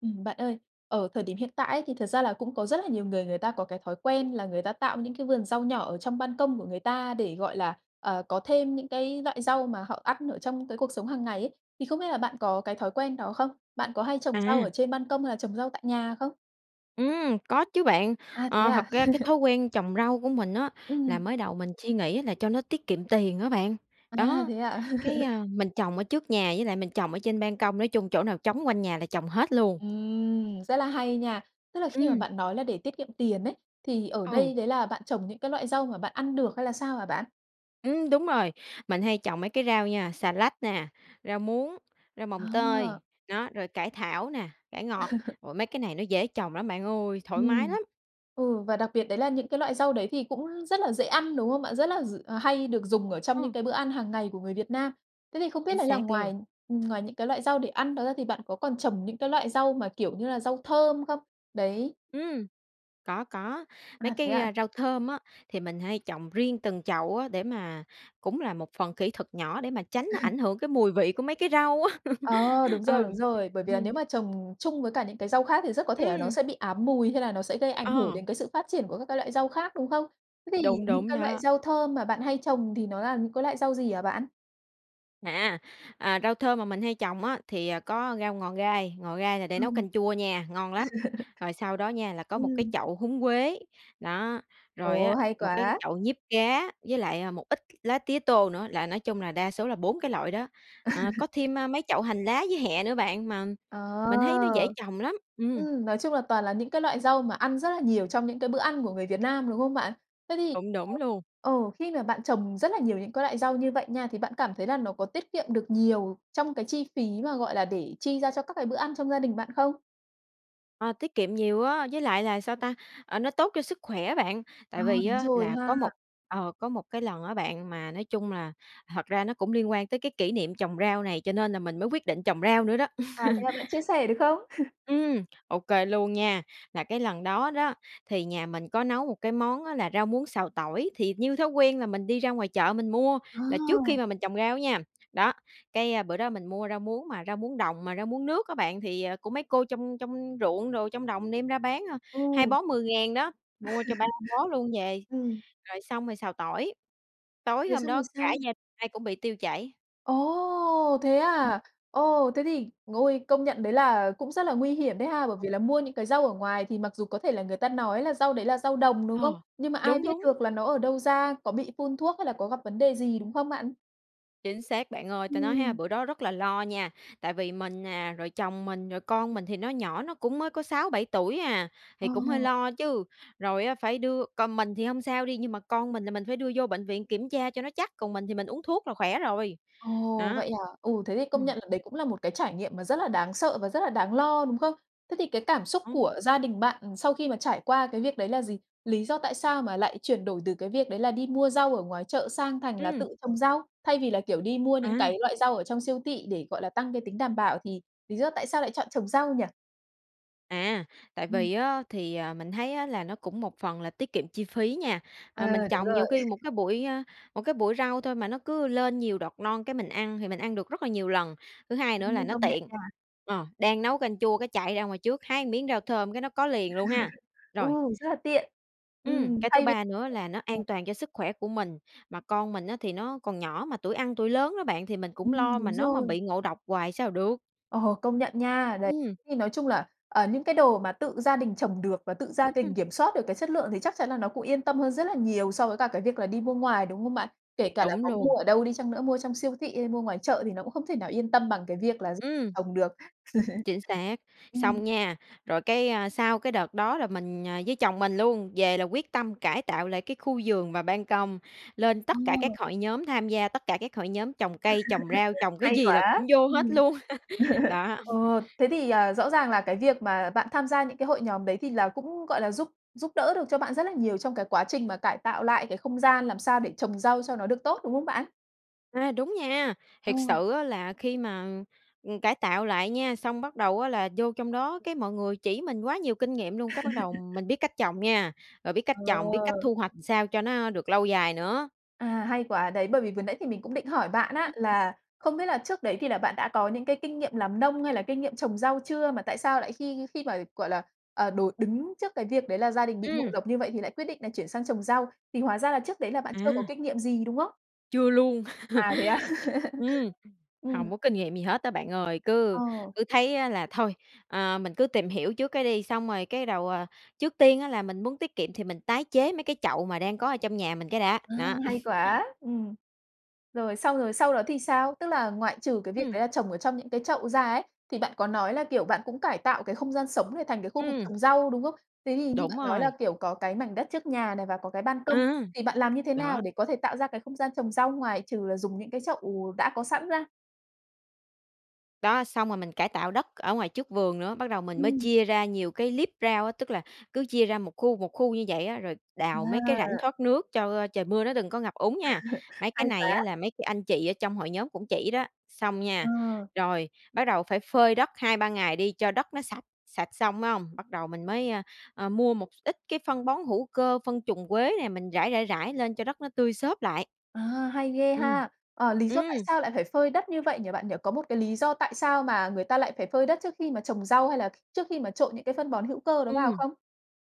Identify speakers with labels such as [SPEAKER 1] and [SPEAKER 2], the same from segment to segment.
[SPEAKER 1] Ừm, bạn ơi, ở thời điểm hiện tại ấy, thì thật ra là cũng có rất là nhiều người người ta có cái thói quen là người ta tạo những cái vườn rau nhỏ ở trong ban công của người ta để, gọi là, ờ, có thêm những cái loại rau mà họ ăn ở trong cái cuộc sống hằng ngày ấy, thì không biết là bạn có cái thói quen đó không? Bạn có hay trồng rau ở
[SPEAKER 2] À.
[SPEAKER 1] trên ban công hay là trồng rau tại nhà không?
[SPEAKER 2] Ừm, có chứ bạn.
[SPEAKER 1] À, thế
[SPEAKER 2] Ờ,
[SPEAKER 1] à?
[SPEAKER 2] thật ra cái thói quen trồng rau của mình á, là
[SPEAKER 1] Ừm.
[SPEAKER 2] mới đầu mình suy nghĩ á là cho nó tiết kiệm tiền á bạn,
[SPEAKER 1] À,
[SPEAKER 2] đó,
[SPEAKER 1] thế à?
[SPEAKER 2] cái, a, mình trồng ở trước nhà, với lại mình trồng ở trên ban công, nói chung chỗ nào trống quanh nhà là trồng hết luôn.
[SPEAKER 1] Ừm, rất là hay nha. Tức là khi mà
[SPEAKER 2] Ừm.
[SPEAKER 1] bạn nói là để tiết kiệm tiền ấy, thì ở
[SPEAKER 2] Ừ.
[SPEAKER 1] đây đấy là bạn trồng những cái loại rau mà bạn ăn được hay là sao hả bạn?
[SPEAKER 2] Ừm, đúng rồi. Mình hay trồng mấy cái rau nha, xà lách nè, rau muống, rau mồng
[SPEAKER 1] Ờ.
[SPEAKER 2] tơi, đó, rồi cải thảo nè, cải ngọt. Ôi, mấy cái này nó dễ trồng lắm bạn ơi, thoải mái
[SPEAKER 1] Ừm,
[SPEAKER 2] lắm.
[SPEAKER 1] ừ, và đặc biệt đấy là những cái loại rau đấy thì cũng rất là dễ ăn, đúng không bạn? Rất là d là hay được dùng ở trong những
[SPEAKER 2] Ừm.
[SPEAKER 1] cái bữa ăn hàng ngày của người Việt Nam. Thế thì không biết
[SPEAKER 2] Chính
[SPEAKER 1] đấy là
[SPEAKER 2] xác
[SPEAKER 1] ngoài
[SPEAKER 2] luôn.
[SPEAKER 1] ừm, ngoài những cái loại rau để ăn đó ra thì bạn có còn trồng những cái loại rau mà, kiểu, như là rau thơm không? Đấy.
[SPEAKER 2] Ừm, có, có. Mấy
[SPEAKER 1] À, thế
[SPEAKER 2] cái
[SPEAKER 1] ạ?
[SPEAKER 2] rau thơm á, thì mình hay trồng riêng từng chậu á, để mà cũng là một phần kỹ thuật nhỏ để mà tránh ảnh hưởng cái mùi vị của mấy cái rau á.
[SPEAKER 1] Ờ, đúng rồi,
[SPEAKER 2] Ừ,
[SPEAKER 1] đúng rồi. Bởi vì là nếu
[SPEAKER 2] ừm.
[SPEAKER 1] mà trồng chung với cả những cái rau khác thì rất có thể là nó
[SPEAKER 2] Ừm!
[SPEAKER 1] sẽ bị ám mùi hay là nó sẽ gây ảnh hưởng
[SPEAKER 2] Ờ.
[SPEAKER 1] đến cái sự phát triển của các cái loại rau khác, đúng không? Thế thì
[SPEAKER 2] Đúng,
[SPEAKER 1] những
[SPEAKER 2] đúng
[SPEAKER 1] cái loại
[SPEAKER 2] đó.
[SPEAKER 1] rau thơm mà bạn hay trồng thì nó là những cái loại rau gì hả bạn?
[SPEAKER 2] À, à, rau thơm mà mình hay trồng á thì có rau ngò gai, ngò gai là để
[SPEAKER 1] Ừ.
[SPEAKER 2] nấu canh chua nha, ngon lắm. Rồi sau đó nha là có 1 cái
[SPEAKER 1] Ừm.
[SPEAKER 2] chậu húng quế, đó, rồi
[SPEAKER 1] Ồ,
[SPEAKER 2] á,
[SPEAKER 1] hay
[SPEAKER 2] 1 cái
[SPEAKER 1] quá!
[SPEAKER 2] chậu diếp cá với lại một ít lá tía tô nữa, là nói chung là đa số là 4 cái loại đó. À, có thêm, a, mấy chậu hành lá với hẹ nữa bạn, mà mình thấy nó dễ
[SPEAKER 1] Ờ.
[SPEAKER 2] trồng lắm. Ừm.
[SPEAKER 1] Ừm, nói chung là toàn là những cái loại rau mà ăn rất là nhiều trong những cái bữa ăn của người Việt Nam, đúng không bạn? Thế thì
[SPEAKER 2] Đúng, đúng luôn.
[SPEAKER 1] ờ, ừ, khi mà bạn trồng rất là nhiều những cái loại rau như vậy nha, thì bạn cảm thấy là nó có tiết kiệm được nhiều trong cái chi phí mà, gọi là, để chi ra cho các cái bữa ăn trong gia đình bạn không?
[SPEAKER 2] Ờ, tiết kiệm nhiều á, với lại là sao ta, ờ, nó tốt cho sức khỏe bạn.
[SPEAKER 1] Ờ,
[SPEAKER 2] Tại vì
[SPEAKER 1] đúng
[SPEAKER 2] á
[SPEAKER 1] rồi
[SPEAKER 2] là
[SPEAKER 1] ha.
[SPEAKER 2] có một ờ, có một cái lần á bạn, mà nói chung là thật ra nó cũng liên quan tới cái kỷ niệm trồng rau này, cho nên là mình mới quyết định trồng rau nữa đó.
[SPEAKER 1] À, thế là bạn chia sẻ được không?
[SPEAKER 2] Ừm, ô kê luôn nha, là cái lần đó đó, thì nhà mình có nấu một cái món á là rau muống xào tỏi, thì như thói quen là mình đi ra ngoài chợ mình mua,
[SPEAKER 1] Ờ.
[SPEAKER 2] là trước khi mà mình trồng rau á nha. Đó, cái bữa đó mình mua rau muống mà rau muống đồng mà rau muống nước á bạn thì của mấy cô trong trong ruộng đồ, trong đồng đem ra bán, à, 2
[SPEAKER 1] Ừ.
[SPEAKER 2] bó 10.000 đó, mua cho 3 bó luôn về,
[SPEAKER 1] Ừm.
[SPEAKER 2] rồi xong rồi xào tỏi. Tối
[SPEAKER 1] Rồi
[SPEAKER 2] hôm
[SPEAKER 1] xong rồi
[SPEAKER 2] đó cả
[SPEAKER 1] sao?
[SPEAKER 2] gia ai cũng bị tiêu chảy.
[SPEAKER 1] Ồ, thế à? Ồ, thế thì ôi, công nhận đấy là cũng rất là nguy hiểm đấy ha. Bởi vì là mua những cái rau ở ngoài thì mặc dù có thể là người ta nói là rau đấy là rau đồng, đúng không?
[SPEAKER 2] Ờ,
[SPEAKER 1] Nhưng mà ai
[SPEAKER 2] đúng,
[SPEAKER 1] biết
[SPEAKER 2] đúng.
[SPEAKER 1] được là nó ở đâu ra, có bị phun thuốc hay là có gặp vấn đề gì, đúng không bạn?
[SPEAKER 2] Chính xác bạn ơi, ta nói ha,
[SPEAKER 1] Ừm.
[SPEAKER 2] bữa đó rất là lo nha. Tại vì mình nè, rồi chồng mình, rồi con mình thì nó nhỏ, nó cũng mới có 6, 7 tuổi à,
[SPEAKER 1] Ờ.
[SPEAKER 2] thì cũng hơi lo chứ. Rồi á, phải đưa còn mình thì hông sao đi, nhưng mà con mình thì mình phải đưa vô bệnh viện kiểm tra cho nó chắc, còn mình thì mình uống thuốc là khỏe rồi.
[SPEAKER 1] Ồ,
[SPEAKER 2] Đó.
[SPEAKER 1] vậy hả? Ừ, thế thì công
[SPEAKER 2] Ừm.
[SPEAKER 1] nhận là đấy cũng là một cái trải nghiệm mà rất là đáng sợ và rất là đáng lo, đúng không? Thế thì cái cảm xúc
[SPEAKER 2] Ờ.
[SPEAKER 1] của gia đình bạn sau khi mà trải qua cái việc đấy là gì? Lý do tại sao mà lại chuyển đổi từ cái việc đấy là đi mua rau ở ngoài chợ sang thành là
[SPEAKER 2] Ừm.
[SPEAKER 1] tự trồng rau, thay vì là, kiểu, đi mua những
[SPEAKER 2] À.
[SPEAKER 1] cái loại rau ở trong siêu thị để, gọi là, tăng cái tính đảm bảo thì lý do tại sao lại chọn trồng rau nhỉ?
[SPEAKER 2] À, tại
[SPEAKER 1] Ừm.
[SPEAKER 2] vì á, thì mình thấy á, là nó cũng một phần là tiết kiệm chi phí nha.
[SPEAKER 1] Ờ,
[SPEAKER 2] Ờ, mình
[SPEAKER 1] đúng
[SPEAKER 2] trồng
[SPEAKER 1] rồi.
[SPEAKER 2] nhiều khi một cái bụi, ơ một cái bụi rau thôi mà nó cứ lên nhiều đọt non, cái mình ăn, thì mình ăn được rất là nhiều lần. Thứ hai nữa là
[SPEAKER 1] Ừm,
[SPEAKER 2] nó
[SPEAKER 1] công nhận
[SPEAKER 2] tiện.
[SPEAKER 1] nha.
[SPEAKER 2] Ờ, đang nấu canh chua cái chạy ra ngoài trước, hái một miếng rau thơm cái nó có liền luôn ha.
[SPEAKER 1] Ừ,
[SPEAKER 2] Rồi.
[SPEAKER 1] rất là tiện.
[SPEAKER 2] Ừm,
[SPEAKER 1] Ừm,
[SPEAKER 2] cái thứ
[SPEAKER 1] thay vì
[SPEAKER 2] ba nữa là nó
[SPEAKER 1] ừ.
[SPEAKER 2] an toàn cho sức khỏe của mình, mà con mình á, thì nó còn nhỏ, mà tuổi ăn tuổi lớn đó bạn thì mình cũng
[SPEAKER 1] Ừm.
[SPEAKER 2] lo
[SPEAKER 1] Đúng
[SPEAKER 2] mà nó mà
[SPEAKER 1] rồi.
[SPEAKER 2] bị ngộ độc hoài sao được.
[SPEAKER 1] Ờ, công nhận nha. Đấy.
[SPEAKER 2] Ừm.
[SPEAKER 1] Thì nói chung là, ờ, những cái đồ mà tự gia đình trồng được và tự gia
[SPEAKER 2] Ừm.
[SPEAKER 1] đình kiểm soát được cái chất lượng thì chắc chắn là nó cũng yên tâm hơn rất là nhiều so với cả cái việc là đi mua ngoài, đúng không bạn? Kể cả là
[SPEAKER 2] Đúng
[SPEAKER 1] có mua
[SPEAKER 2] luôn.
[SPEAKER 1] ở đâu đi chăng nữa, mua trong siêu thị hay mua ngoài chợ thì nó cũng không thể nào yên tâm bằng cái việc là gi
[SPEAKER 2] Ừm.
[SPEAKER 1] trồng được.
[SPEAKER 2] Chính xác.
[SPEAKER 1] Ừm.
[SPEAKER 2] Xong nha. Rồi cái sau cái đợt đó, là mình với chồng mình luôn, về là quyết tâm cải tạo lại cái khu vườn và ban công, lên tất cả các
[SPEAKER 1] Ờ.
[SPEAKER 2] hội nhóm, tham gia tất cả các hội nhóm trồng cây, trồng rau, trồng cái
[SPEAKER 1] Hay
[SPEAKER 2] gì là
[SPEAKER 1] quá.
[SPEAKER 2] cũng vô hết
[SPEAKER 1] Ừm.
[SPEAKER 2] luôn. Đó.
[SPEAKER 1] Ồ, thế thì, ờ, rõ ràng là cái việc mà bạn tham gia những cái hội nhóm đấy, thì là cũng gọi là giúp giúp đỡ được cho bạn rất là nhiều trong cái quá trình mà cải tạo lại cái không gian làm sao để trồng rau cho nó được tốt, đúng không bạn?
[SPEAKER 2] À, đúng nha,
[SPEAKER 1] Ờ.
[SPEAKER 2] thiệt sự á là khi mà ừm, cải tạo lại nha, xong bắt đầu á là vô trong đó, cái mọi người chỉ mình quá nhiều kinh nghiệm luôn, cái bắt đầu mình biết cách trồng nha, rồi biết cách trồng, biết
[SPEAKER 1] Ờ!
[SPEAKER 2] cách thu hoạch, ừm, sao cho nó được lâu dài nữa.
[SPEAKER 1] À, hay quá, đấy, bởi vì vừa nãy thì mình cũng định hỏi bạn á
[SPEAKER 2] Ừm.
[SPEAKER 1] là không biết là trước đấy thì là bạn đã có những cái kinh nghiệm làm nông, hay là kinh nghiệm trồng rau chưa, mà tại sao lại khi khi mà, gọi là, ờ, đối đứng trước cái việc đấy là gia đình bị ngộ
[SPEAKER 2] Ừm!
[SPEAKER 1] độc như vậy thì lại quyết định là chuyển sang trồng rau. Thì hóa ra là trước đấy là bạn chưa có
[SPEAKER 2] À.
[SPEAKER 1] kinh nghiệm gì, đúng không?
[SPEAKER 2] Chưa luôn.
[SPEAKER 1] À, thế á?
[SPEAKER 2] Ừm,
[SPEAKER 1] Ừm.
[SPEAKER 2] hông có kinh nghiệm gì hết á bạn ơi. Cứ
[SPEAKER 1] Ờ.
[SPEAKER 2] cứ thấy là thôi, ờ, mình cứ tìm hiểu trước cái đi, xong rồi cái đầu, à, trước tiên á là mình muốn tiết kiệm thì mình tái chế mấy cái chậu mà đang có ở trong nhà mình cái đã,
[SPEAKER 1] Ơ,
[SPEAKER 2] nó.
[SPEAKER 1] hay quá! Ừm. Rồi, xong rồi sau đó thì sao? Tức là ngoại trừ cái việc
[SPEAKER 2] Ừm.
[SPEAKER 1] đấy là trồng ở trong những cái chậu ra ấy, thì bạn có nói là, kiểu, bạn cũng cải tạo cái không gian sống này, thành cái khu vực
[SPEAKER 2] Ừm.
[SPEAKER 1] trồng rau, đúng không? Thế thì như
[SPEAKER 2] Đúng
[SPEAKER 1] bạn nói là,
[SPEAKER 2] rồi.
[SPEAKER 1] kiểu, có cái mảnh đất trước nhà này và có cái ban công,
[SPEAKER 2] À,
[SPEAKER 1] thì bạn làm như thế
[SPEAKER 2] đó.
[SPEAKER 1] nào để có thể tạo ra cái không gian trồng rau, ngoài trừ là dùng những cái chậu, ờ, đã có sẵn ra?
[SPEAKER 2] Đó, xong rồi mình cải tạo đất ở ngoài trước vườn nữa, bắt đầu mình mới
[SPEAKER 1] Ừm.
[SPEAKER 2] chia ra nhiều cái liếp rau á, tức là cứ chia ra 1 khu, 1 khu như vậy á, rồi đào mấy cái rãnh
[SPEAKER 1] À!
[SPEAKER 2] thoát nước cho trời mưa nó đừng có ngập úng nha. Mấy cái
[SPEAKER 1] Hay
[SPEAKER 2] này á
[SPEAKER 1] quá!
[SPEAKER 2] là mấy cái anh chị ở trong hội nhóm cũng chỉ đó. Xong nha,
[SPEAKER 1] Ờ.
[SPEAKER 2] rồi, bắt đầu phải phơi đất 2-3 ngày đi cho đất nó sạch, sạch xong phải hông? Bắt đầu mình mới, a, a, mua một x ít cái phân bón hữu cơ, phân trùn quế nè, mình rải, rải, rải lên cho đất nó tươi xốp lại.
[SPEAKER 1] À, hay ghê
[SPEAKER 2] Ừm.
[SPEAKER 1] ha! À, lý do tại
[SPEAKER 2] Ừm!
[SPEAKER 1] sao lại phải phơi đất như vậy nhỉ, bạn nhỉ? Có một cái lý do tại sao mà người ta lại phải phơi đất trước khi mà trồng rau, hay là kh trước khi mà trộn những cái phân bón hữu cơ đó vào
[SPEAKER 2] Ừm.
[SPEAKER 1] không?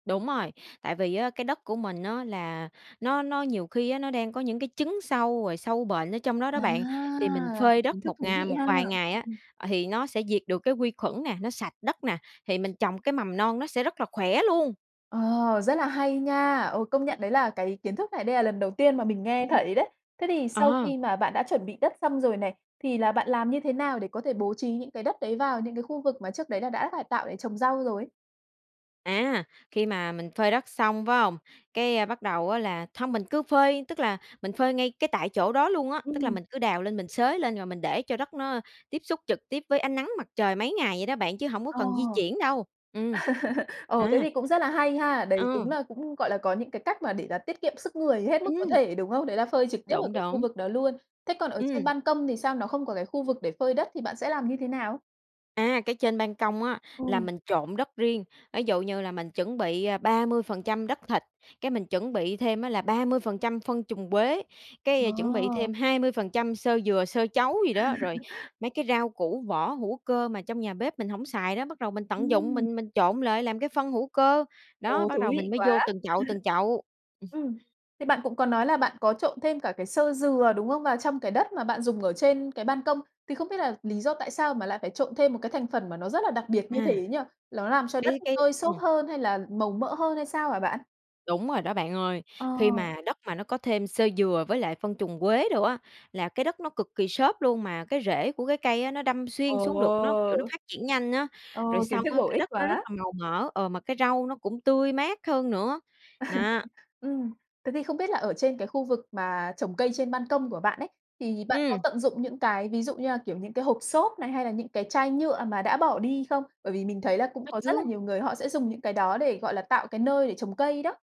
[SPEAKER 2] Đúng rồi. Tại vì á, cái đất của mình á là nó nó nhiều khi á, nó đang có những cái chứng sâu, rồi sâu bệnh ở trong đó đó
[SPEAKER 1] À!
[SPEAKER 2] bạn thì mình phơi đất
[SPEAKER 1] Kiến thức
[SPEAKER 2] một
[SPEAKER 1] thú
[SPEAKER 2] ngà
[SPEAKER 1] vị
[SPEAKER 2] một
[SPEAKER 1] ha!
[SPEAKER 2] vài ngày á,
[SPEAKER 1] Ừm.
[SPEAKER 2] ờ, thì nó sẽ diệt được cái quy khuẩn nè, nó sạch đất nè, thì mình trồng cái mầm non nó sẽ rất là khỏe luôn!
[SPEAKER 1] Ờ, rất là hay nha! Ờ, công
[SPEAKER 2] Ừm.
[SPEAKER 1] nhận đấy là cái kiến thức này đây là lần đầu tiên mà mình nghe
[SPEAKER 2] Ừm hừm.
[SPEAKER 1] thấy đấy. Thế thì sau
[SPEAKER 2] Ờ.
[SPEAKER 1] khi mà bạn đã chuẩn bị đất xong rồi này, thì là bạn làm như thế nào để có thể bố trí những cái đất đấy vào những cái khu vực mà trước đấy là đã cải tạo để trồng rau rồi?
[SPEAKER 2] À, khi mà mình phơi đất xong phải hông, cái bắt đầu á là hông mình cứ phơi tức là mình phơi ngay cái tại chỗ đó luôn á. Tức là
[SPEAKER 1] Ừm.
[SPEAKER 2] mình cứ đào lên, mình xới lên rồi mình để cho đất nó tiếp xúc trực tiếp với ánh nắng mặt trời mấy ngày vậy đó bạn, chứ hổng có
[SPEAKER 1] Ồ.
[SPEAKER 2] cần di chuyển đâu. Ừm.
[SPEAKER 1] Ồ, thế
[SPEAKER 2] À.
[SPEAKER 1] thì cũng rất là hay ha. Đấy đúng
[SPEAKER 2] Ờ.
[SPEAKER 1] là cũng, gọi là, có những cái cách mà để là tiết kiệm sức người hết mức có
[SPEAKER 2] Ừm.
[SPEAKER 1] thể, đúng không? Đấy là phơi trực tiếp ở
[SPEAKER 2] Đúng,
[SPEAKER 1] cái khu
[SPEAKER 2] đúng.
[SPEAKER 1] vực đó luôn. Thế còn ở trên
[SPEAKER 2] Ừm.
[SPEAKER 1] ban công thì sao nó không có cái khu vực để phơi đất thì bạn sẽ làm như thế nào?
[SPEAKER 2] Á, cái trên ban công á, là
[SPEAKER 1] Ừ.
[SPEAKER 2] mình trộn đất riêng. Ví dụ như là mình chuẩn bị 30% đất thịt, cái mình chuẩn bị thêm á là 30% phân trùn quế, cái chuẩn bị
[SPEAKER 1] Ờ.
[SPEAKER 2] thêm 20% xơ dừa, xơ trấu gì đó, rồi mấy cái rau củ vỏ hữu cơ mà trong nhà bếp mình hổng xài đó, bắt đầu mình tận dụng
[SPEAKER 1] Ừm.
[SPEAKER 2] mình mình trộn lại làm cái phân hữu cơ. Đó,
[SPEAKER 1] Ồ,
[SPEAKER 2] bắt
[SPEAKER 1] thú
[SPEAKER 2] đầu
[SPEAKER 1] vị
[SPEAKER 2] mình mới
[SPEAKER 1] quá!
[SPEAKER 2] vô từng chậu, từng chậu.
[SPEAKER 1] Ừm. Thì bạn cũng có nói là bạn có trộn thêm cả cái xơ dừa, đúng không? Và trong cái đất mà bạn dùng ở trên cái ban công, thì không biết là lý do tại sao mà lại phải trộn thêm một cái thành phần mà nó rất là đặc biệt như
[SPEAKER 2] À.
[SPEAKER 1] thế nhỉ? Ló làm cho đất
[SPEAKER 2] Cái cái
[SPEAKER 1] tơi xốp
[SPEAKER 2] ừm.
[SPEAKER 1] hơn hay là màu mỡ hơn, hay sao hả bạn?
[SPEAKER 2] Đúng rồi đó bạn ơi.
[SPEAKER 1] Ờ.
[SPEAKER 2] Khi mà đất mà nó có thêm xơ dừa với lại phân trùn quế đồ á, là cái đất nó cực kỳ xốp luôn, mà cái rễ của cái cây á, nó đâm xuyên
[SPEAKER 1] Ồ!
[SPEAKER 2] xuống được, nó, kiểu, nó phát triển nhanh á. Rồi
[SPEAKER 1] Ồ, kiến
[SPEAKER 2] xong
[SPEAKER 1] thức
[SPEAKER 2] á,
[SPEAKER 1] bổ
[SPEAKER 2] cái
[SPEAKER 1] ích
[SPEAKER 2] đất nó rất
[SPEAKER 1] quá!
[SPEAKER 2] là màu mỡ, ờ, mà cái rau nó cũng tươi mát hơn nữa. Nó.
[SPEAKER 1] Ừm. Thế thì không biết là ở trên cái khu vực mà trồng cây trên ban công của bạn ấy, thì bạn có
[SPEAKER 2] Ừm.
[SPEAKER 1] tận dụng những cái, ví dụ như là kiểu những cái hộp xốp này hay là những cái chai nhựa mà đã bỏ đi không? Bởi vì mình thấy là cũng
[SPEAKER 2] Có
[SPEAKER 1] có rất là
[SPEAKER 2] chứ.
[SPEAKER 1] nhiều người họ sẽ dùng những cái đó để, gọi là, tạo cái nơi để trồng cây đó.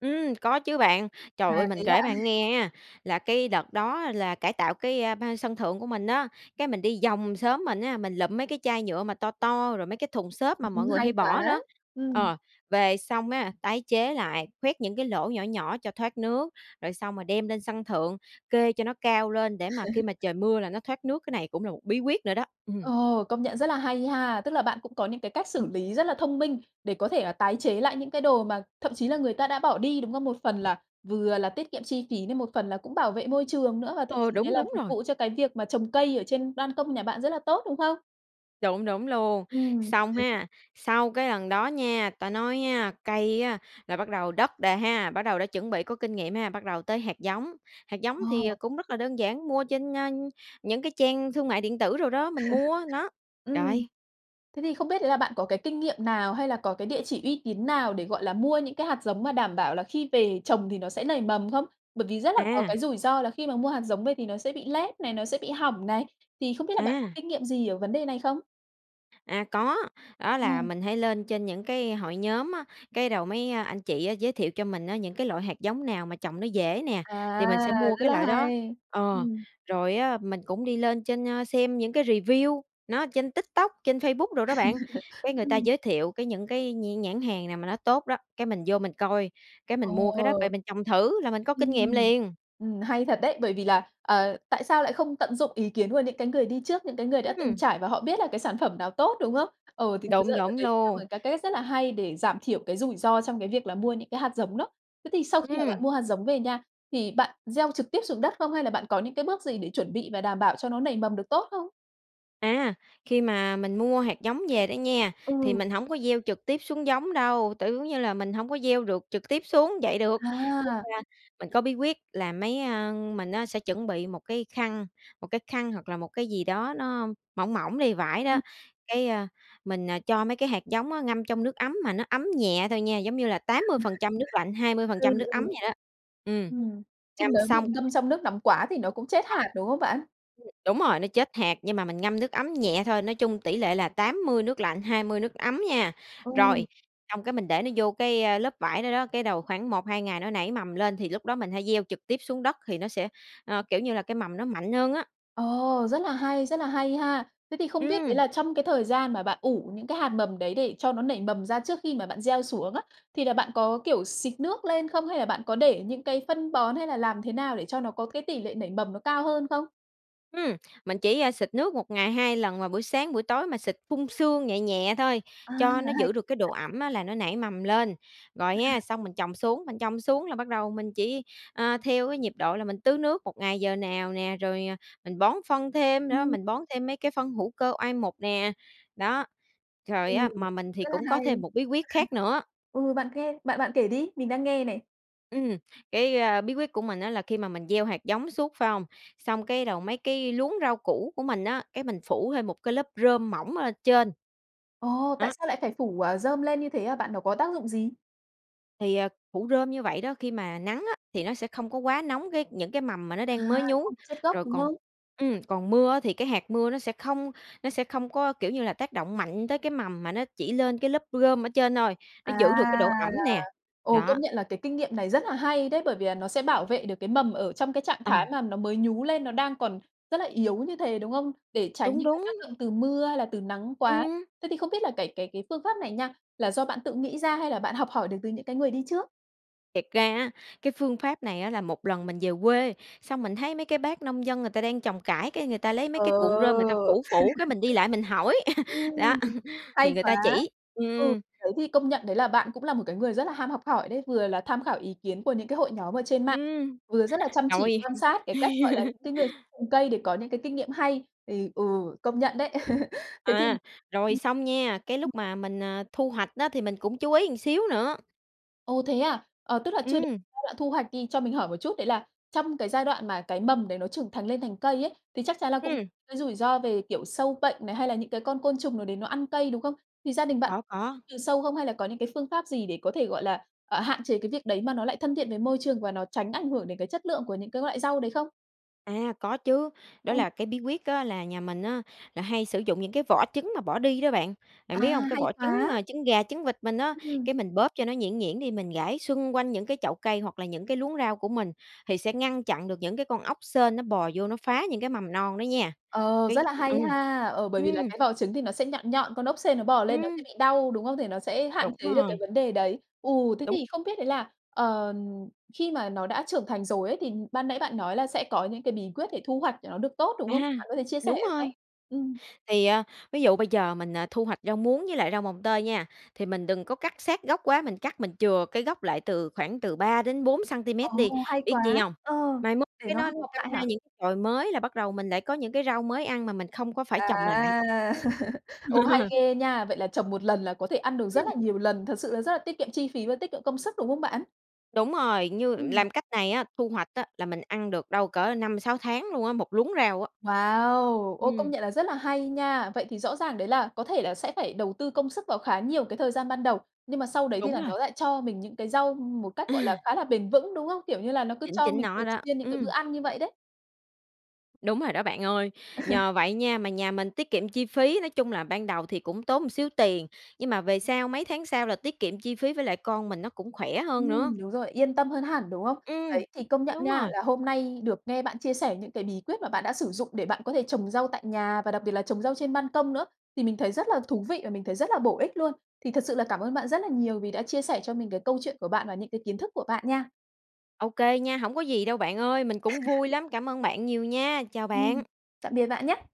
[SPEAKER 2] Ừm, có chứ bạn. Trời
[SPEAKER 1] À,
[SPEAKER 2] ơi
[SPEAKER 1] thế
[SPEAKER 2] mình
[SPEAKER 1] ạ.
[SPEAKER 2] kể bạn nghe á, là cái đợt đó là cải tạo cái ban sân thượng của mình á, cái mình đi vòng xóm mình á, mình lụm mấy cái chai nhựa mà to to rồi mấy cái thùng xốp mà mọi
[SPEAKER 1] Ừm,
[SPEAKER 2] người
[SPEAKER 1] hay
[SPEAKER 2] hay bỏ
[SPEAKER 1] quá,
[SPEAKER 2] đó.
[SPEAKER 1] ừm.
[SPEAKER 2] Ờ, về xong á, tái chế lại, khoét những cái lỗ nhỏ nhỏ cho thoát nước, rồi xong rồi đem lên sân thượng, kê cho nó cao lên để mà khi mà trời mưa là nó thoát nước, cái này cũng là một bí quyết nữa đó. Ừm.
[SPEAKER 1] Ồ, công nhận rất là hay ha. Tức là bạn cũng có những cái cách xử lý rất là thông minh, để có thể là tái chế lại những cái đồ mà thậm chí là người ta đã bỏ đi, đúng không? Một phần là, vừa là tiết kiệm chi phí này, một phần là cũng bảo vệ môi trường nữa, và thậm
[SPEAKER 2] Ờ,
[SPEAKER 1] chí đấy
[SPEAKER 2] đúng,
[SPEAKER 1] là
[SPEAKER 2] đúng
[SPEAKER 1] phục
[SPEAKER 2] rồi.
[SPEAKER 1] vụ cho cái việc mà trồng cây ở trên ban công nhà bạn rất là tốt, đúng không?
[SPEAKER 2] Đúng, đúng luôn,
[SPEAKER 1] Ừm.
[SPEAKER 2] xong ha, sau cái lần đó nha ta nói á cây á là bắt đầu đất đè ha, bắt đầu đã chuẩn bị có kinh nghiệm ha, bắt đầu tới hạt giống. Hạt giống thì, ờ,
[SPEAKER 1] Ờ.
[SPEAKER 2] cũng rất là đơn giản, mua trên, a, những cái trang thương mại điện tử đồ đó, mình mua, nó.
[SPEAKER 1] Ừm,
[SPEAKER 2] Rồi.
[SPEAKER 1] thế thì không biết đấy là bạn có cái kinh nghiệm nào, hay là có cái địa chỉ uy tín nào để, gọi là, mua những cái hạt giống mà đảm bảo là khi về trồng thì nó sẽ nảy mầm không? Bởi vì rất là có
[SPEAKER 2] À.
[SPEAKER 1] cái rủi ro là khi mà mua hạt giống về thì nó sẽ bị lép này, nó sẽ bị hỏng này, thì không biết là bạn có
[SPEAKER 2] À.
[SPEAKER 1] kinh nghiệm gì ở vấn đề này không?
[SPEAKER 2] À có, đó
[SPEAKER 1] Ờ.
[SPEAKER 2] là mình hay lên trên những cái hội nhóm á, cái đầu mấy anh chị giới thiệu cho mình á những cái loại hạt giống nào mà trồng nó dễ nè,
[SPEAKER 1] À,
[SPEAKER 2] thì mình sẽ mua
[SPEAKER 1] rất
[SPEAKER 2] cái
[SPEAKER 1] là
[SPEAKER 2] loại đó
[SPEAKER 1] hay!
[SPEAKER 2] ờ,
[SPEAKER 1] Ừm.
[SPEAKER 2] rồi á mình cũng đi lên trên xem những cái review, nó ở trên TikTok, trên Facebook đồ đó bạn, cái người ta
[SPEAKER 1] Ừm.
[SPEAKER 2] giới thiệu cái những cái nh nhãn hàng nào mà nó tốt đó, cái mình vô mình coi, cái mình mua cái đó về
[SPEAKER 1] Ồ.
[SPEAKER 2] mình trồng thử là mình có kinh nghiệm
[SPEAKER 1] Ừm,
[SPEAKER 2] liền!
[SPEAKER 1] ừm, hay thật đấy, bởi vì là, ờ, tại sao lại không tận dụng ý kiến của những cái người đi trước, những cái người đã từng
[SPEAKER 2] Ừm!
[SPEAKER 1] trải và họ biết là cái sản phẩm nào tốt, đúng không? Ờ, thì thực ra
[SPEAKER 2] Đúng,
[SPEAKER 1] đ
[SPEAKER 2] đúng
[SPEAKER 1] đấy cũng là
[SPEAKER 2] luôn.
[SPEAKER 1] một cái cách rất là hay để giảm thiểu cái rủi ro trong cái việc là mua những cái hạt giống đó. Thế thì sau khi mà
[SPEAKER 2] Ừm.
[SPEAKER 1] bạn mua hạt giống về nha, thì bạn gieo trực tiếp xuống đất không? Hay là bạn có những cái bước gì để chuẩn bị và đảm bảo cho nó nảy mầm được tốt không?
[SPEAKER 2] À, khi mà mình mua hạt giống về đó nha, thì
[SPEAKER 1] Ừ.
[SPEAKER 2] mình hổng có gieo trực tiếp xuống giống đâu, tự giống như là mình hổng có gieo được trực tiếp xuống vậy được. Cái
[SPEAKER 1] À.
[SPEAKER 2] khan mình có bí quyết là mấy, ơ mình á sẽ chuẩn bị một cái khăn một cái khăn hoặc là một cái gì đó nó mỏng mỏng đi, vải
[SPEAKER 1] Ừm.
[SPEAKER 2] đó, cái, ơ, mình, à, cho mấy cái hạt giống á ngâm trong nước ấm mà nó ấm nhẹ thôi nha, giống như là 80% nước lạnh, hai mươi phần
[SPEAKER 1] Ừ,
[SPEAKER 2] trăm nước
[SPEAKER 1] ừ.
[SPEAKER 2] ấm vậy đó. Ừm,
[SPEAKER 1] Ừm, chứ
[SPEAKER 2] ngâm
[SPEAKER 1] nếu mà
[SPEAKER 2] xong
[SPEAKER 1] ngâm trong nước nóng quá thì nó cũng chết
[SPEAKER 2] Có.
[SPEAKER 1] hạt, đúng không bạn?
[SPEAKER 2] Ừm, đúng rồi, nó chết hạt, nhưng mà mình ngâm nước ấm nhẹ thôi, nói chung tỷ lệ là 80 nước lạnh, 20 nước ấm nha.
[SPEAKER 1] Ừ.
[SPEAKER 2] Rồi, xong cái mình để nó vô cái, ơ, lớp vải đó đó, cái đầu khoảng 1-2 ngày nó nảy mầm lên thì lúc đó mình hãy gieo trực tiếp xuống đất thì nó sẽ, ơ, kiểu như, là cái mầm nó mạnh hơn á.
[SPEAKER 1] Ồ, rất là hay, rất là hay ha! Thế thì không biết đấy
[SPEAKER 2] Ừm.
[SPEAKER 1] là trong cái thời gian mà bạn ủ những cái hạt mầm đấy để cho nó nảy mầm ra trước khi mà bạn gieo xuống á, thì là bạn có, kiểu, xịt nước lên không? Hay là bạn có để những cái phân bón hay là làm thế nào để cho nó có cái tỷ lệ nảy mầm nó cao hơn không?
[SPEAKER 2] Ừm, mình chỉ, ơ, xịt nước một ngày 2 lần vào buổi sáng, buổi tối, mà xịt phun sương nhẹ nhẹ thôi,
[SPEAKER 1] À,
[SPEAKER 2] cho nó
[SPEAKER 1] hay
[SPEAKER 2] giữ được cái độ
[SPEAKER 1] quá!
[SPEAKER 2] ẩm á là nó nảy mầm lên. Rồi ha, xong mình trồng xuống mình trồng xuống là bắt đầu mình chỉ, ơ, theo cái nhịp độ là mình tưới nước 1 ngày giờ nào nè, rồi, à, mình bón phân thêm nữa,
[SPEAKER 1] Ừm.
[SPEAKER 2] mình bón thêm mấy cái phân hữu cơ oai mục nè, đó. Rồi
[SPEAKER 1] Ừ,
[SPEAKER 2] á, mà mình thì
[SPEAKER 1] rất là
[SPEAKER 2] cũng có
[SPEAKER 1] hay!
[SPEAKER 2] thêm một bí quyết khác nữa
[SPEAKER 1] Ừ, bạn kê bạn bạn kể đi, mình đang nghe này.
[SPEAKER 2] Ừm, cái, a, bí quyết của mình á là khi mà mình gieo hạt giống suốt, phải không? Xong cái đầu mấy cái luống rau củ của mình á, cái mình phủ thêm một cái lớp rơm mỏng lên trên.
[SPEAKER 1] Ồ, tại
[SPEAKER 2] Đó.
[SPEAKER 1] sao lại phải phủ, à, rơm lên như thế hả bạn? Nó có tác dụng gì?
[SPEAKER 2] Thì, ờ, phủ rơm như vậy đó, khi mà nắng á, thì nó sẽ không có quá nóng cái những cái mầm mà nó
[SPEAKER 1] À,
[SPEAKER 2] đang mới
[SPEAKER 1] nó
[SPEAKER 2] nhú.
[SPEAKER 1] không bị chết gốc,
[SPEAKER 2] Rồi
[SPEAKER 1] đúng
[SPEAKER 2] còn
[SPEAKER 1] không?
[SPEAKER 2] ừm, còn mưa á thì cái hạt mưa nó sẽ không nó sẽ không có, kiểu như là, tác động mạnh tới cái mầm mà nó chỉ lên cái lớp rơm ở trên thôi,
[SPEAKER 1] À,
[SPEAKER 2] nó giữ được cái độ ẩm
[SPEAKER 1] là
[SPEAKER 2] nè,
[SPEAKER 1] ồ,
[SPEAKER 2] đó.
[SPEAKER 1] công nhận là cái kinh nghiệm này rất là hay đấy, bởi vì là nó sẽ bảo vệ được cái mầm ở trong cái trạng
[SPEAKER 2] Ờ.
[SPEAKER 1] thái mà nó mới nhú lên, nó đang còn rất là yếu như thế, đúng không? Để tránh
[SPEAKER 2] Đúng,
[SPEAKER 1] những cái
[SPEAKER 2] đúng.
[SPEAKER 1] tác động từ mưa hay là từ nắng quá.
[SPEAKER 2] Ừm!
[SPEAKER 1] Thế thì không biết là cái cái cái phương pháp này nha, là do bạn tự nghĩ ra hay là bạn học hỏi được từ những cái người đi trước?
[SPEAKER 2] Thiệt ra á, cái phương pháp này á là một lần mình về quê, xong mình thấy mấy cái bác nông dân người ta đang trồng cải, cái người ta lấy mấy cái cuộn rơm người ta
[SPEAKER 1] Ờ.
[SPEAKER 2] phủ phủ, cái mình đi lại mình hỏi, đó,
[SPEAKER 1] Ừm,
[SPEAKER 2] thì
[SPEAKER 1] hay
[SPEAKER 2] người
[SPEAKER 1] quá!
[SPEAKER 2] ta chỉ,
[SPEAKER 1] Ừ,
[SPEAKER 2] ừm.
[SPEAKER 1] đấy, thì công nhận đấy là bạn cũng là một cái người rất là ham học hỏi đấy. Vừa là tham khảo ý kiến của những cái hội nhóm ở trên mạng,
[SPEAKER 2] Ừm,
[SPEAKER 1] vừa rất là chăm chỉ
[SPEAKER 2] rồi.
[SPEAKER 1] quan sát cái cách, gọi là, những cái người cây để có những cái kinh nghiệm hay thì, ừ, công nhận đấy. Thế thì
[SPEAKER 2] À, rồi xong nha, cái lúc mà mình, à, thu hoạch á thì mình cũng chú ý một xíu nữa.
[SPEAKER 1] Ồ, thế à, ờ, tức là chưa đế
[SPEAKER 2] Ừm.
[SPEAKER 1] giai đoạn thu hoạch đi. Cho mình hỏi một chút, đấy là trong cái giai đoạn mà cái mầm đấy nó trưởng thành lên thành cây ấy, thì chắc chắn là cũng
[SPEAKER 2] Ừm.
[SPEAKER 1] cái rủi ro về, kiểu, sâu bệnh này, hay là những cái con côn trùng nào đấy nó ăn cây, đúng không? Thì gia đình bạn
[SPEAKER 2] Có, có.
[SPEAKER 1] trừ sâu không hay là có những cái phương pháp gì để có thể, gọi là, ờ, hạn chế cái việc đấy mà nó lại thân thiện với môi trường và nó tránh ảnh hưởng đến cái chất lượng của những cái loại rau đấy không?
[SPEAKER 2] À, có chứ. Đó
[SPEAKER 1] Ừ.
[SPEAKER 2] là cái bí quyết á là nhà mình á là hay sử dụng những cái vỏ trứng mà bỏ đi đó bạn.
[SPEAKER 1] À,
[SPEAKER 2] Bạn biết hông? Cái
[SPEAKER 1] hay
[SPEAKER 2] vỏ trứng,
[SPEAKER 1] quá.
[SPEAKER 2] à, trứng gà trứng vịt mình á,
[SPEAKER 1] Ừm.
[SPEAKER 2] cái mình bóp cho nó nhuyễn nhuyễn đi, mình rải xung quanh những cái chậu cây hoặc là những cái luống rau của mình, thì sẽ ngăn chặn được những cái con ốc sên nó bò vô nó phá những cái mầm non đó nha.
[SPEAKER 1] Ờ, rất
[SPEAKER 2] Cái
[SPEAKER 1] là
[SPEAKER 2] ừm,
[SPEAKER 1] hay ha! Ờ, bởi vì là
[SPEAKER 2] ừm.
[SPEAKER 1] cái vỏ trứng thì nó sẽ nhọn nhọn, con ốc sên nó bò lên, nó sẽ
[SPEAKER 2] Ừm.
[SPEAKER 1] bị đau đúng không? Thì nó sẽ hạn
[SPEAKER 2] Đúng
[SPEAKER 1] chế được cái
[SPEAKER 2] rồi.
[SPEAKER 1] vấn đề đấy. Ừ, thế
[SPEAKER 2] Đúng.
[SPEAKER 1] thì không biết đấy là, ờ, khi mà nó đã trưởng thành rồi ấy thì ban nãy bạn nói là sẽ có những cái bí quyết để thu hoạch để nó được tốt, đúng
[SPEAKER 2] À,
[SPEAKER 1] không? Bạn có thể chia sẻ
[SPEAKER 2] đúng
[SPEAKER 1] được không?
[SPEAKER 2] rồi!
[SPEAKER 1] Ừm.
[SPEAKER 2] Thì, ờ, ví dụ bây giờ mình, ờ, thu hoạch rau muống với lại rau mồng tơi nha, thì mình đừng có cắt sát gốc quá, mình cắt mình chừa cái gốc lại từ khoảng từ 3-4
[SPEAKER 1] Ồ,
[SPEAKER 2] xăng-ti-mét đi.
[SPEAKER 1] hay
[SPEAKER 2] Biết chi
[SPEAKER 1] quá!
[SPEAKER 2] hông?
[SPEAKER 1] Ờ,
[SPEAKER 2] Mai mốt
[SPEAKER 1] để
[SPEAKER 2] cái
[SPEAKER 1] nó
[SPEAKER 2] nó
[SPEAKER 1] học
[SPEAKER 2] đâm
[SPEAKER 1] mọc lại
[SPEAKER 2] ra
[SPEAKER 1] hả?
[SPEAKER 2] những chồi mới là bắt đầu mình lại có những cái rau mới ăn mà mình không có phải
[SPEAKER 1] À.
[SPEAKER 2] trồng lại.
[SPEAKER 1] Ồ, hay ghê nha! Vậy là trồng 1 lần là có thể ăn được rất
[SPEAKER 2] Ừm.
[SPEAKER 1] là nhiều lần, thật sự là rất là tiết kiệm chi phí và tiết kiệm công sức, đúng không bạn?
[SPEAKER 2] Đúng rồi, như
[SPEAKER 1] Ừm.
[SPEAKER 2] làm cách này á, thu hoạch á là mình ăn được đâu cỡ 5-6 tháng luôn á, 1 luống rau á.
[SPEAKER 1] Wow! Ôi, công
[SPEAKER 2] Ừm.
[SPEAKER 1] nhận là rất là hay nha! Vậy thì rõ ràng đấy là có thể là sẽ phải đầu tư công sức vào khá nhiều cái thời gian ban đầu, nhưng mà sau đấy thì
[SPEAKER 2] Đúng
[SPEAKER 1] là
[SPEAKER 2] rồi.
[SPEAKER 1] nó lại cho mình những cái rau một cách, gọi là,
[SPEAKER 2] À.
[SPEAKER 1] khá là bền vững, đúng không? Kiểu, như là nó cứ
[SPEAKER 2] Chính
[SPEAKER 1] cho
[SPEAKER 2] chính
[SPEAKER 1] mình
[SPEAKER 2] nó
[SPEAKER 1] thường
[SPEAKER 2] đó,
[SPEAKER 1] xuyên những cái bữa
[SPEAKER 2] ừm.
[SPEAKER 1] ăn như vậy đấy.
[SPEAKER 2] Đúng rồi đó bạn ơi. Nhờ vậy nha, mà nhà mình tiết kiệm chi phí, nói chung là ban đầu thì cũng tốn một xíu tiền, nhưng mà về sau, mấy tháng sau là tiết kiệm chi phí với lại con mình nó cũng khỏe hơn nữa.
[SPEAKER 1] Ừm, đúng rồi, yên tâm hơn hẳn, đúng không?
[SPEAKER 2] Ừm,
[SPEAKER 1] Đấy, thì công nhận
[SPEAKER 2] đúng
[SPEAKER 1] nha,
[SPEAKER 2] rồi.
[SPEAKER 1] là hôm nay được nghe bạn chia sẻ những cái bí quyết mà bạn đã sử dụng để bạn có thể trồng rau tại nhà và đặc biệt là trồng rau trên ban công nữa, thì mình thấy rất là thú vị và mình thấy rất là bổ ích luôn. Thì thật sự là cảm ơn bạn rất là nhiều vì đã chia sẻ cho mình cái câu chuyện của bạn và những cái kiến thức của bạn nha.
[SPEAKER 2] Ô kê nha, hổng có gì đâu bạn ơi, mình cũng vui lắm. Cảm ơn bạn nhiều nha, chào
[SPEAKER 1] Ừm,
[SPEAKER 2] bạn!
[SPEAKER 1] tạm biệt bạn nhá!